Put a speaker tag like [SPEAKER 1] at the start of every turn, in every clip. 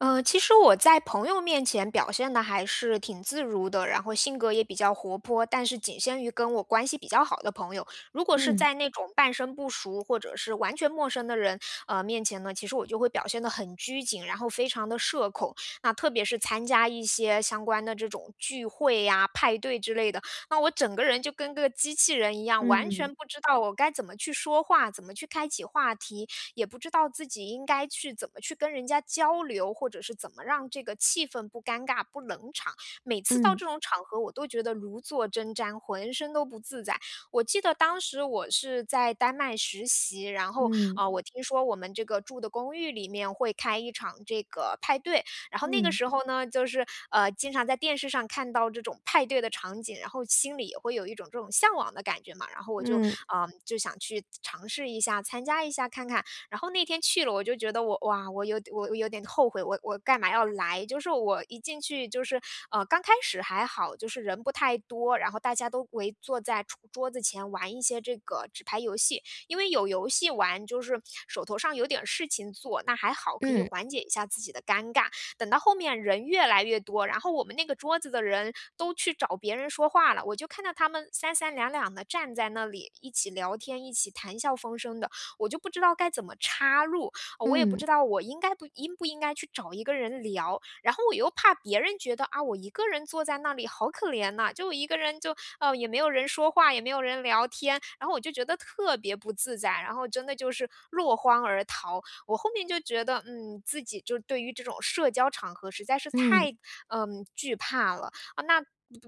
[SPEAKER 1] 呃，其实我在朋友面前，表现得还是挺自如的，然后性格也比较活泼，但是仅限于跟我关系比较好的朋友。如果是
[SPEAKER 2] 嗯。
[SPEAKER 1] 在那种半生不熟，或者是完全陌生的人，呃，面前呢，其实我就会表现得很拘谨，然后非常地社恐。那特别是参加一些，相关的这种聚会啊，派对之类的，那我整个人就跟个机器人一样，完
[SPEAKER 2] 嗯。
[SPEAKER 1] 全不知道我该怎么去说话，怎么去开启话题。也不知道自己应该去怎么去跟人家交流，或者是怎么让这个气氛不尴尬、不冷场。每次到
[SPEAKER 2] 嗯。
[SPEAKER 1] 这种场合，我都觉得如坐针毡，浑身都不自在。我记得当时我是在丹麦实习，然后，
[SPEAKER 2] 嗯。
[SPEAKER 1] 呃，我听说我们这个住的公寓里面会开一场这个，派对。然后那个
[SPEAKER 2] 嗯。
[SPEAKER 1] 时候呢，就是，呃，经常在电视上看到这种派对的场景，然后心里也会有一种这种向往的感觉嘛。然后我就
[SPEAKER 2] 嗯。
[SPEAKER 1] 呃，就想去尝试一下、参加一下看看。然后那天去了，我就觉得我哇，我有我有点后悔，我我干嘛要来。就是我一进去就是，呃，刚开始还好，就是人不太多，然后大家都围坐在桌桌子前玩一些这个，纸牌游戏。因为有游戏玩，就是手头上有点事情做，那还好可以
[SPEAKER 2] 嗯。
[SPEAKER 1] 缓解一下自己的尴尬。等到后面人越来越多，然后我们那个桌子的人，都去找别人说话了。我就看到他们三三两两地站在那里，一起聊天，一起谈笑风生的，我就不知道该怎么插入。呃，我也不
[SPEAKER 2] 嗯。
[SPEAKER 1] 知道我应该不应不应该去找一个人聊。然后我又怕别人觉得，啊，我一个人坐在那里好可怜呐，就一个人就呃，也没有人说话，也没有人聊天。然后我就觉得特别不自在，然后真的就是落荒而逃。我后面就觉得，嗯，自己就对于这种社交场合实在是
[SPEAKER 2] 嗯。
[SPEAKER 1] 太，呃，惧怕了。呃，那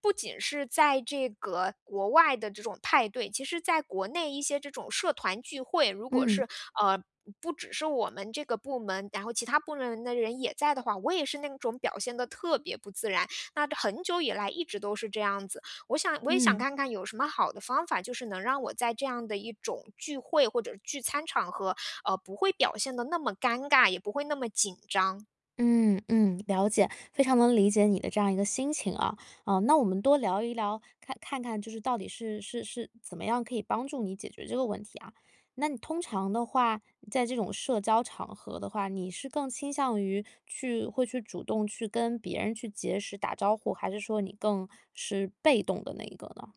[SPEAKER 1] 不仅是在这个国外的这种派对，其实在国内一些这种社团聚会，如果
[SPEAKER 2] 嗯。
[SPEAKER 1] 是，呃，不只是我们这个部门，然后其他部门的人也在的话，我也是那种表现得特别不自然。那很久以来一直都是这样子。我想我也想
[SPEAKER 2] 嗯。
[SPEAKER 1] 看看有什么好的方法，就是能让我在这样的一种聚会，或者聚餐场合，呃，不会表现得那么尴尬，也不会那么紧张。
[SPEAKER 2] 嗯嗯，了解。非常能理解你的这样一个心情啊，嗯，那我们多聊一聊，看看看就是到底是是是怎么样可以帮助你解决这个问题啊。那你通常的话，在这种社交场合的话，你是更倾向于去会去主动去跟别人去结识、打招呼，还是说你更是被动的那一个呢？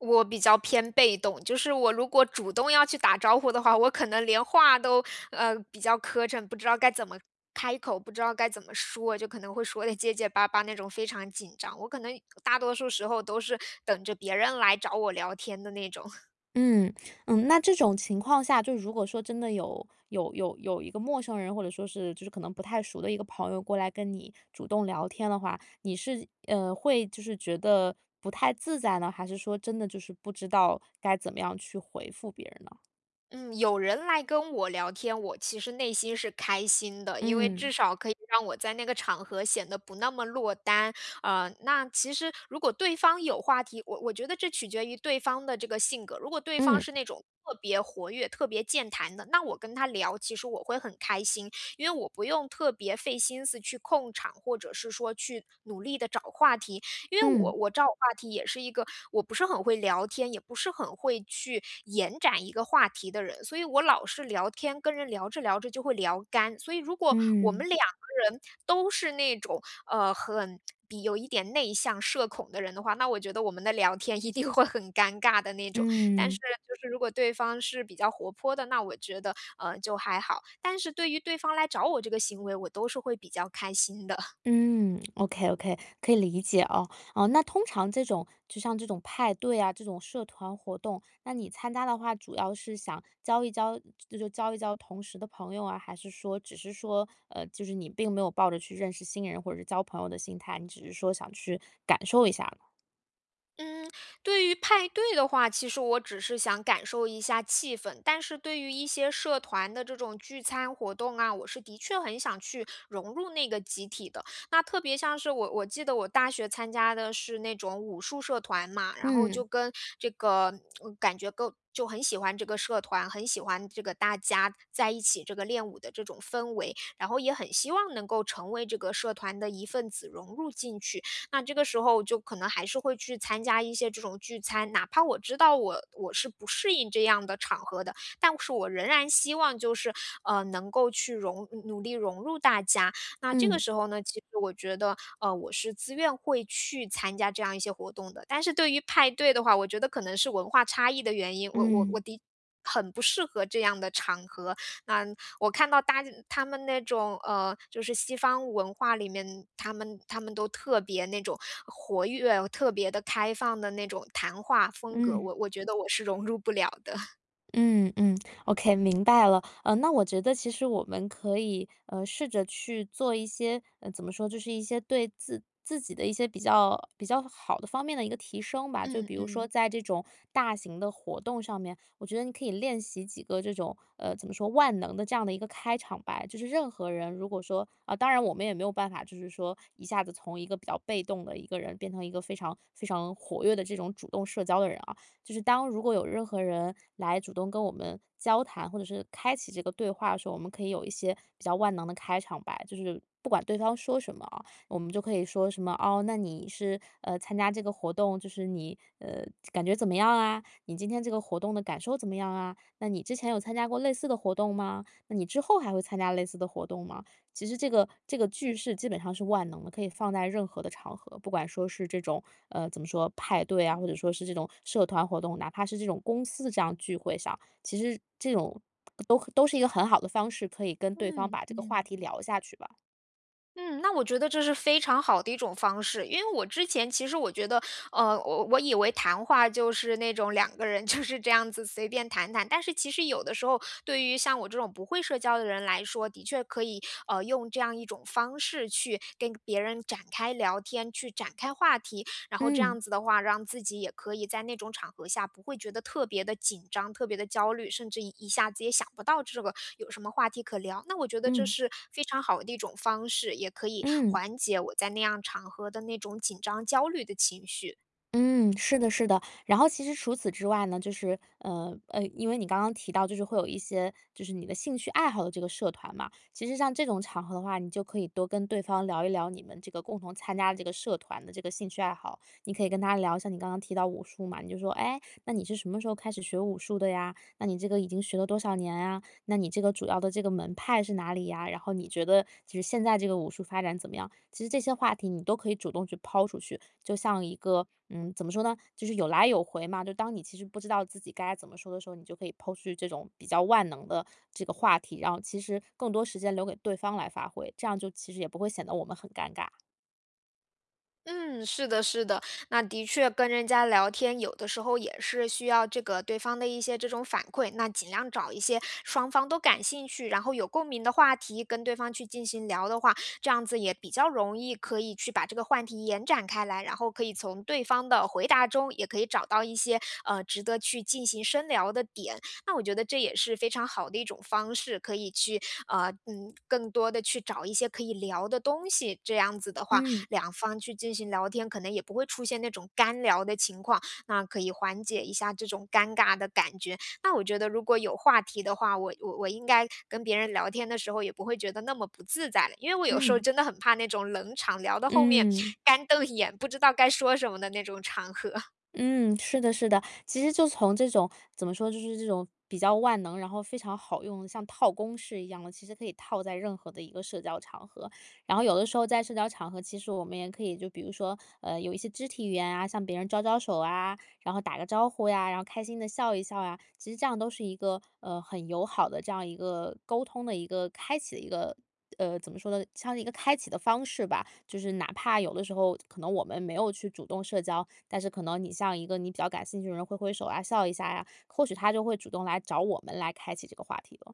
[SPEAKER 1] 我比较偏被动。就是我如果主动要去打招呼的话，我可能连话都，呃，比较磕碜，不知道该怎么开口，不知道该怎么说，就可能会说得结结巴巴那种非常紧张。我可能大多数时候都是等着别人来找我聊天的那种。
[SPEAKER 2] 嗯。嗯，那这种情况下，就如果说真的有有有有一个陌生人，或者说是就是可能不太熟的一个朋友过来跟你主动聊天的话，你是，呃，会就是觉得不太自在呢，还是说真的就是不知道该怎么样去回复别人呢？
[SPEAKER 1] 嗯，有人来跟我聊天，我其实内心是开心的。因为
[SPEAKER 2] 嗯。
[SPEAKER 1] 至少可以让我在那个场合显得不那么落单。呃，那其实，如果对方有话题我我觉得这取决于对方的这个性格。如果对方
[SPEAKER 2] 嗯。
[SPEAKER 1] 是那种特别活跃、特别健谈的，那我跟他聊，其实我会很开心。因为我不用特别费心思去控场，或者是说去努力地找话题。因为我
[SPEAKER 2] 嗯。
[SPEAKER 1] 我找话题也是一个我不是很会聊天，也不是很会去延展一个话题的人。所以我老是聊天，跟人聊着聊着就会聊干，所以如果我
[SPEAKER 2] 嗯。
[SPEAKER 1] 们两个人都是那种，呃，很有一点内向、社恐的人的话，那我觉得我们的聊天一定会很尴尬的那种。但是
[SPEAKER 2] 嗯。
[SPEAKER 1] 就是如果对方是比较活泼的，那我觉得，呃，就还好。但是对于对方来找我这个行为，我都是会比较开心的。
[SPEAKER 2] 嗯。OK OK，可以理解哦。哦，那通常这种就像这种派对啊、这种社团活动，那你参加的话，主要是想交一交就是交一交同识的朋友啊，还是说只是说，呃就是你并没有抱着去认识新人或者是交朋友的心态，你只是说想去感受一下呢。
[SPEAKER 1] 嗯，对于派对的话，其实我只是想感受一下气氛。但是对于一些社团的这种聚餐活动啊，我是的确很想去融入那个集体的。那特别像是我我记得我大学参加的是那种武术社团嘛，然后就
[SPEAKER 2] 嗯。
[SPEAKER 1] 跟这个感觉跟就很喜欢这个社团，很喜欢这个大家在一起这个练武的这种氛围。然后也很希望能够成为这个社团的一份子融入进去。那这个时候就可能还是会去参加一些这种聚餐，哪怕我知道我我是不适应这样的场合的，但是我仍然希望就是，呃，能够去融努努力融入大家，那这个
[SPEAKER 2] 嗯。
[SPEAKER 1] 时候呢，其实我觉得，呃，我是自愿会去参加这样一些活动的。但是对于派对的话，我觉得可能是文化差异的原因，我我我
[SPEAKER 2] 嗯。
[SPEAKER 1] 的很不适合这样的场合。那，我看到大家他们那种，呃，就是西方文化里面，他们他们都特别那种活跃，特别地开放的那种谈话风格，
[SPEAKER 2] 嗯。
[SPEAKER 1] 我我觉得我是融入不了的。
[SPEAKER 2] 嗯嗯。OK，明白了。呃，那我觉得其实我们可以，呃，试着去做一些，呃，怎么说？就是一些对自自己的一些比较比较好的方面的一个提升吧。就
[SPEAKER 1] 嗯
[SPEAKER 2] 比如说
[SPEAKER 1] 嗯。
[SPEAKER 2] 在这种大型的活动上面，我觉得你可以练习几个这种，呃怎么说。万能的这样的一个开场白。就是任何人如果说，啊，当然我们也没有办法就是说一下子从一个比较被动的一个人变成一个非常非常活跃的这种主动社交的人啊。就是当如果有任何人来主动跟我们交谈，或者是开启这个对话的时候，我们可以有一些比较万能的开场白。就是不管对方说什么啊，我们就可以说什么，“哦！那你是，呃，参加这个活动就是你，呃，感觉怎么样啊？”“你今天这个活动的感受怎么样啊？”“那你之前有参加过类似的活动吗？”“那你之后还会参加类似的活动吗？”其实这个这个句式基本上是万能的，可以放在任何的场合。不管说是这种，呃，怎么说，派对啊，或者说是这种社团活动，哪怕是这种公司这样聚会上。其实这种，都都是一个很好的方式，可以跟对方
[SPEAKER 1] 嗯，
[SPEAKER 2] 把这个话
[SPEAKER 1] 嗯。
[SPEAKER 2] 题聊下去吧。
[SPEAKER 1] 嗯，那我觉得这是非常好的一种方式。因为我之前，其实我觉得呃，我我以为谈话就是那种2个人就是这样子随便谈谈。但是其实有的时候，对于像我这种不会社交的人来说，的确可以，呃，用这样一种方式去跟别人展开聊天，去展开话题。然后这
[SPEAKER 2] 嗯。
[SPEAKER 1] 样子的话，让自己也可以在那种场合下不会觉得特别的紧张，特别的焦虑，甚至一下子也想不到这个有什么话题可聊。那我觉得这
[SPEAKER 2] 嗯。
[SPEAKER 1] 是非常好的一种方式，也可以
[SPEAKER 2] 嗯。
[SPEAKER 1] 缓解我在那样场合的那种紧张焦虑的情绪。
[SPEAKER 2] 嗯，是的是的。然后其实除此之外呢，就是呃，呃，因为你刚刚提到就是会有一些就是你的兴趣爱好的这个社团嘛。其实像这种场合的话，你就可以多跟对方聊一聊你们这个共同参加这个社团的这个兴趣爱好。你可以跟他聊一下你刚刚提到武术嘛，你就说：“哎，那你是什么时候开始学武术的呀？那你这个已经学了多少年啊？那你这个主要的这个门派是哪里呀？然后你觉得就是现在这个武术发展怎么样？”其实这些话题你都可以主动去抛出去，就像一个嗯，怎么说呢，就是有来有回嘛。就当你其实不知道自己该怎么说的时候，你就可以抛出去这种比较万能的这个话题，然后其实更多时间留给对方来发挥，这样就其实也不会显得我们很尴尬。
[SPEAKER 1] 嗯，是的是的。那的确跟人家聊天，有的时候也是需要这个对方的一些这种反馈，那尽量找一些双方都感兴趣，然后有共鸣的话题跟对方去进行聊的话，这样子也比较容易可以去把这个话题延展开来。然后可以从对方的回答中，也可以找到一些，呃，值得去进行深聊的点。那我觉得这也是非常好的一种方式，可以去，呃，嗯，更多的去找一些可以聊的东西，这样子的话，
[SPEAKER 2] 嗯。
[SPEAKER 1] 2方去进行聊天，可能也不会出现那种干聊的情况，那可以缓解一下这种尴尬的感觉。那我觉得如果有话题的话，我我我应该跟别人聊天的时候，也不会觉得那么不自在的。因为我有时候
[SPEAKER 2] 嗯。
[SPEAKER 1] 真的很怕那种冷场，聊到后面
[SPEAKER 2] 嗯。
[SPEAKER 1] 干瞪眼，不知道该说什么的那种场合。
[SPEAKER 2] 嗯，是的是的。其实就从这种怎么说，就是这种比较万能，然后非常好用，像套公式一样的，其实可以套在任何的一个社交场合。然后有的时候在社交场合，其实我们也可以就比如说，呃，有一些肢体语言啊，向别人招招手啊，然后打个招呼呀，然后开心的笑一笑啊。其实这样都是一个，呃，很友好的这样一个沟通的一个开启的一个，呃，怎么说呢，像一个开启的方式吧。就是哪怕有的时候可能我们没有去主动社交，但是可能你向一个你比较感兴趣的人挥挥手啊，笑一下呀，或许他就会主动来找我们来开启这个话题了。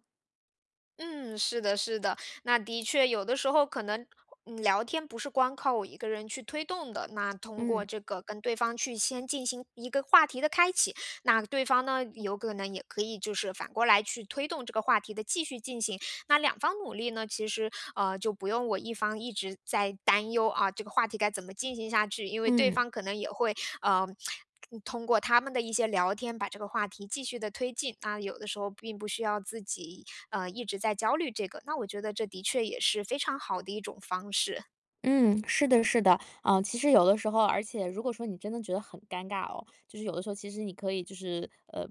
[SPEAKER 1] 嗯，是的是的。那的确有的时候可能呃，聊天不是光靠我一个人去推动的，那通过
[SPEAKER 2] 嗯。
[SPEAKER 1] 这个跟对方去先进行一个话题的开启，那对方呢，有可能也可以就是反过来去推动这个话题的继续进行。那两方努力呢，其实，呃，就不用我一方一直在担忧啊，这个话题该怎么进行下去。因为对
[SPEAKER 2] 嗯。
[SPEAKER 1] 方可能也会，呃，通过他们的一些聊天，把这个话题继续地推进。啊，有的时候并不需要自己，呃，一直在焦虑这个，那我觉得这的确也是非常好的一种方式。
[SPEAKER 2] 嗯，是的是的。呃，其实有的时候而且如果说你真的觉得很尴尬哦，就是有的时候其实你可以就是呃，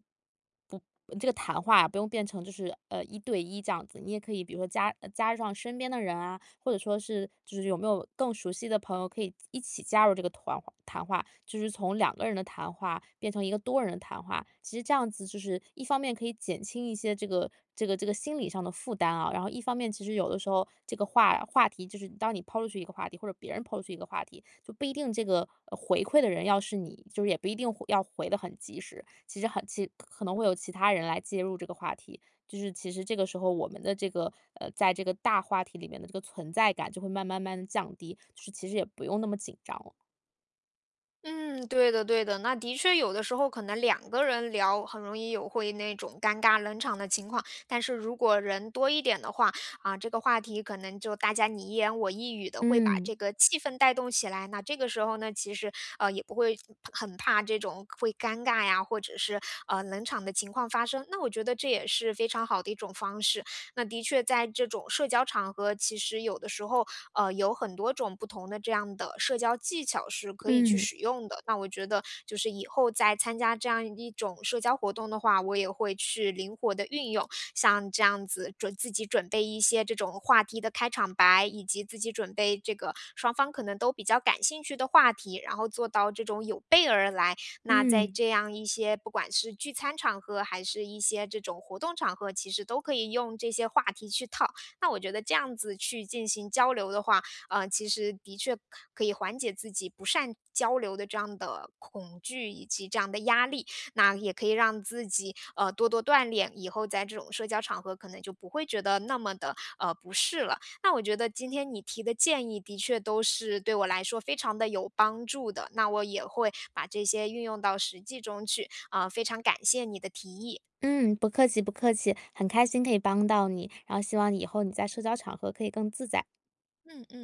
[SPEAKER 2] 不呃，这个谈话不用变成就是，呃，一对一这样子。你也可以比如说加加上身边的人啊，或者说是就是有没有更熟悉的朋友可以一起加入这个团谈话，就是从2个人的谈话变成一个多人的谈话。其实这样子就是一方面可以减轻一些这个这个这个心理上的负担啊，然后一方面其实有这个话话题就是当你抛出去一个话题，或者别人抛出去一个话题，就不一定这个回馈的人要是你。就是也不一定回要回得很及时，其实很其实可能会有其他人来介入这个话题。就是其实这个时候我们的这个，呃，在这个大话题里面的这个存在感就会慢慢慢降低，就是其实也不用那么紧张。
[SPEAKER 1] 嗯，对的对的。那的确有的时候可能2个人聊，很容易有会那种尴尬冷场的情况。但是如果人多一点的话，啊这个话题可能就大家你一言我一语地会把
[SPEAKER 2] 嗯。
[SPEAKER 1] 这个气氛带动起来。那这个时候呢，其实，呃，也不会很怕这种会尴尬呀，或者是，呃，冷场的情况发生，那我觉得这也是非常好的一种方式。那的确在这种社交场合，其实有的时候，呃，有很多种不同的这样的社交技巧是可以去
[SPEAKER 2] 嗯。
[SPEAKER 1] 使用的。那我觉得就是以后再参加这样一种社交活动的话，我也会去灵活地运用，像这样子准自己准备一些这种话题的开场白，以及自己准备这个双方可能都比较感兴趣的话题。然后做到这种有备而来，那在
[SPEAKER 2] 嗯。
[SPEAKER 1] 这样一些不管是聚餐场合还是一些这种活动场合，其实都可以用这些话题去套。那我觉得这样子去进行交流的话，呃，其实的确可以缓解自己不善交流的这样的恐惧以及这样的压力。那也可以让自己，呃，多多锻炼，以后在这种社交场合可能就不会觉得那么的，呃，不适了。那我觉得今天你提的建议的确都是对我来说非常地有帮助的，那我也会把这些运用到实际中去，呃，非常感谢你的提议。
[SPEAKER 2] 嗯，不客气不客气。很开心可以帮到你，然后希望你以后你在社交场合可以更自在。
[SPEAKER 1] 嗯嗯。